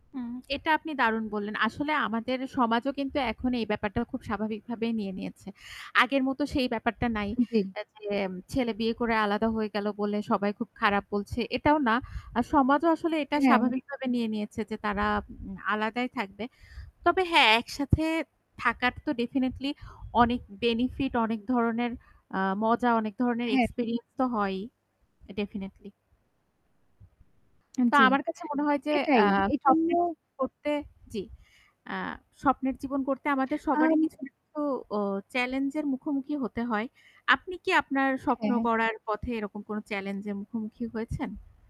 হুম, এটা আপনি দারুন বললেন। আসলে আমাদের সমাজও কিন্তু এখন এই ব্যাপারটা খুব স্বাভাবিকভাবে নিয়ে নিয়েছে। আগের মত সেই ব্যাপারটা নাই হু, জ্বী। যেম ছেলে বিয়ে করে আলাদা হয়ে গেল বলে সবাই খুব খারাপ বলছে, এটাও না। আর সমাজও আসলে এটা হ্যাঁ। স্বাভাবিকভাবে নিয়ে নিয়েছে যে তারা আ আলাদাই থাকবে। তবে হ্যাঁ একসাথে থাকার তো ডেফিনিটলি অনেক বেনিফিট অনেক ধরনের আ মজা অনেক ধরনের হ্যাঁ। এক্সপেরিয়েন্স তো হয়ই। ডেফিনিটলি। তো জ্বী, আমার কাছে মনে হয় যে আ এটাই, এইজন্য [unintelligible] করতে, জী আ স্বপ্নের জীবন করতে আমাদের আ সবারই কিছু না কিছু ওহ চেলেঞ্জ এর মুখোমুখি হতে হয়। আপনি কি আপনার স্বপ্ন হ্যাঁ। গড়ার পথে এরকম কোনো চেলেঞ্জ এর মুখোমুখি হয়েছেন?